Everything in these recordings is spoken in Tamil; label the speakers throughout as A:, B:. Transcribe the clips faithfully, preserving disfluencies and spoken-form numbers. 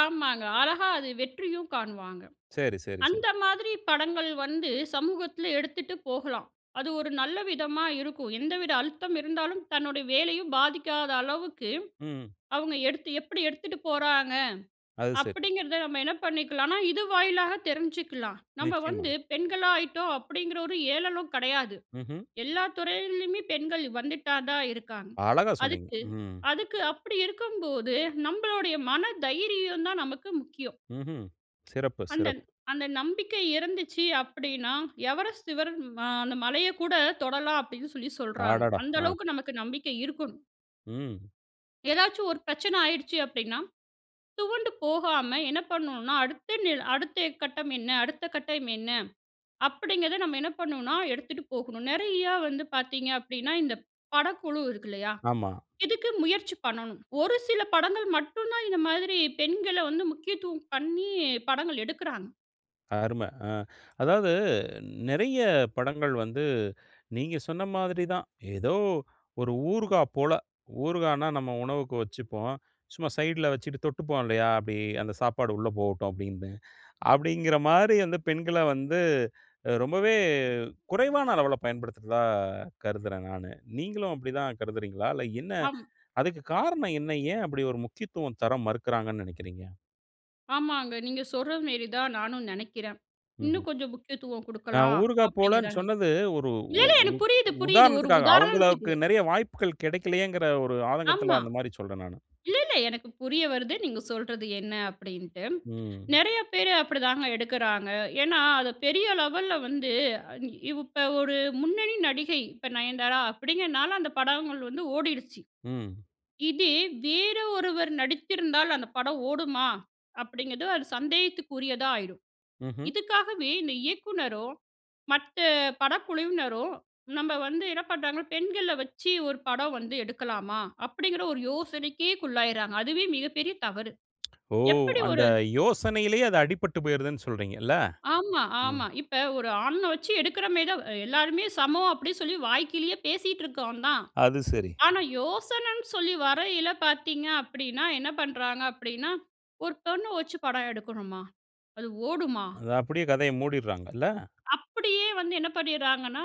A: ஆமாங்க. அழகா அது வெற்றியும் காணுவாங்க.
B: சரி, சரி, சரி.
A: அந்த மாதிரி படங்கள் வந்து சமூகத்தில எடுத்துட்டு போகலாம். அது ஒரு நல்ல விதமா இருக்கும். எந்தவித அழுத்தம் இருந்தாலும், தன்னுடைய வேலையும் பாதிக்காத அளவுக்கு,
B: ம்.
A: அவுங்க எடுத்து எப்பிடி எடுத்துட்டு போறாங்க.
B: அது சரி.
A: அப்பிடிங்கிறத நம்ம என்ன பண்ணிக்கலான்னா, இது வாயிலாக தெரிஞ்சுக்கலாம். நம்ம
B: நிச்சயமா.
A: வந்து பெண்களா ஆயிட்டோம். அப்பிடிங்கிற ஒரு ஏளளம் கிடையாது.
B: ம்ஹ்ம்.
A: எல்லா துறையிலயுமே பெண்கள் வந்துட்டா தான் இருக்காங்க.
B: அழகா சொன்னீங்க.
A: அதுக்கு,
B: ம்.
A: அதுக்கு அப்பிடி இருக்கும்போது, நம்மளுடைய மன தைரியந்தான் நமக்கு முக்கியம்.
B: ம்ஹ்ம். சிறப்பு,
A: அந்தந்
B: சிறப்பு.
A: அந்த நம்பிக்கை இருந்துச்சு. அப்பிடின்னா எவரெஸ்ட் சிவரம் அ அந்த மலையக் கூட தொடலாம் அப்பிடின்னு சொல்லி சொல்றாங்க.
B: அடடா!
A: அந்த
B: ஆ.
A: அளவுக்கு நமக்கு நம்பிக்கை இருக்கணும்.
B: ம்.
A: ஏதாச்சும் ஒரு பிரச்சனை ஆயிடுச்சு. அப்பிடின்னா, துவண்டு போகாம, என்ன பண்ணுனா, அடுத்து நில் அடுத்து கட்டம் என்ன? அடுத்த கட்டம் என்ன? அப்பிடிங்கிறத நம்ம என்ன பண்ணணுனா, எடுத்துட்டு போகணும். நிறையா வந்து பார்த்தீங்க அப்பிடின்னா, இந்த படக்குழு இருக்கு இல்லயா!
B: ஆமா.
A: இதுக்கு முயற்சி பண்ணணும். ஒரு சில படங்கள் மட்டும் தான், இந்த மாதிரி பெண்கள வந்து முக்கியத்துவம் பண்ணி, படங்கள் எடுக்கிறாங்க.
B: அரும. அ அதாவது நிறைய படங்கள் வந்து, நீங்க சொன்ன மாதிரி தான். ஏதோ ஒரு ஊறுகா போல. ஊறுகான்னா, நம்ம உணவுக்கு வச்சிப்போம். சும்மா சைட்ல வச்சிட்டு தொட்டுப்போம், இல்லயா! அப்பிடி அந்த சாப்பாடு உள்ளே போகட்டும், அப்பிடின்னு. அப்பிடிங்கிறமாரி வந்து பெண்கள வந்து அ ரொம்பவே குறைவான அளவுல பயன்படுத்துறதா கருதுறேன் நானு. நீங்களும் அப்பிடி தான் கருதுறீங்களா? இல்ல என்ன?
A: அம்
B: அதுக்கு காரணம் என்ன? ஏன் அப்பிடி ஒரு முக்கியத்துவம் தர மறுக்கிறாங்கன்னு நினைக்கிறீங்க?
A: ஆமாங்க. நீங்க சொல்றதுமேரி தான் நானும் நினைக்கிறேன்.
B: ம்ஹ்ம்.
A: இன்னும் கொஞ்சம் முக்கியத்துவம்
B: நான்
A: குடுக்கலாம்.
B: ஊறுகா
A: அப்பிடிங்கிறதா
B: போலன்னு
A: நினை
B: சொன்னது ஒரு
A: இல்ல,
B: உ
A: இல்ல
B: உ
A: எனக்கு புரியுது புரியுது. ஒரு
B: உதாரணத்துக்காக,
A: உதாரணத்துக்கு
B: அவுங்களவுக்கு நிறைய வாய்ப்புகள் கிடைக்கவில்லயேங்கிற
A: அ.
B: ஒரு
A: ஆமா.
B: ஆதங்கத்தில அந்தமாரி சொல்றேன் நானு.
A: இல்ல, இல்ல எனக்கு புரிய வருது. நீங்க சொல்றது என்ன அப்பிடின்ட்டு.
B: ம்.
A: நிறைய பேர் அப்பிடிதாங்க எடுக்கறாங்க. ஏன்னா, அது பெரிய லெவல்ல வந்து, அ இ இப்போ ஒரு முன்னணி நடிகை இப்ப நயன்தாரா அப்பிடிங்கிறனால அந்த படங்கள் வந்து ஓடிடுச்சு.
B: ம்.
A: இதே வேற ஒருவர் நடித்திருந்தால் அந்த படம் ஓடுமா! அப்பிடிங்கிறது அது சந்தேகத்துக்குரியதா ஆயிரும்.
B: ம்ஹ்ம்.
A: இதுக்காகவே இந்த இயக்குனரும், மற்ற படக்குழுவினரும் நம்ம வந்து என்ன பண்றாங்க? பெண்கள வச்சு ஒரு படம் வந்து எடுக்கலாமா? அப்பிடிங்கிற ஒரு யோசனைக்கே குள்ளாயிறாங்க. அதுவே மிகப்பெரிய தவறு.
B: ஓ!
A: எப்படி
B: அந்த
A: ஒரு
B: யோசனையிலேயே அது அடிப்பட்டு போயிருதுன்னு சொல்றீங்க. இல்ல!
A: ஆமா.
B: ம்.
A: ஆமா. இப்ப ஒரு ஆண் அ வச்சு எடுக்கிறமேரி தான் எல்லாருமே சமம் அப்பிடி சொல்லி வாய்க்கிழிய பேசிட்டு இருக்கோம் தான்.
B: அது சரி.
A: ஆனா, யோசனன்னு சொல்லி வரயில பார்த்தீங்க அப்பிடின்னா, என்ன பண்றாங்க அப்பிடின்னா ஒரு பெண்ண வச்சு படம் எடுக்கணுமா? அது ஓடுமா?
B: அது அப்பிடியே கதைய மூடிட்றாங்க, இல்ல!
A: அப்பிடியே வந்து என்ன பண்ணிறாங்கன்னா,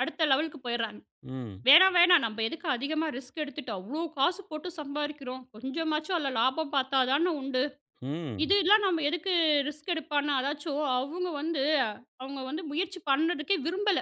A: அடுத்த லெவலுக்கு போயிறாங்க.
B: ம்.
A: வேணாம், வேணாம் நம்ம எதுக்கு அதிகமாக ரிஸ்க் எடுத்துட்டு, அவ்ளோ காசு போட்டு சம்பாதிக்கிறோம். கொஞ்சமாச்சும் அதில லாபம் பார்த்தா தான உண்டு.
B: ம்.
A: இது எல்லாம் நம்ம எதுக்கு ரிஸ்க் எடுப்பான்னா! அதாச்சும் அவுங்க வந்து அவுங்க வந்து முயற்சி பண்றதுக்கே விரும்பல.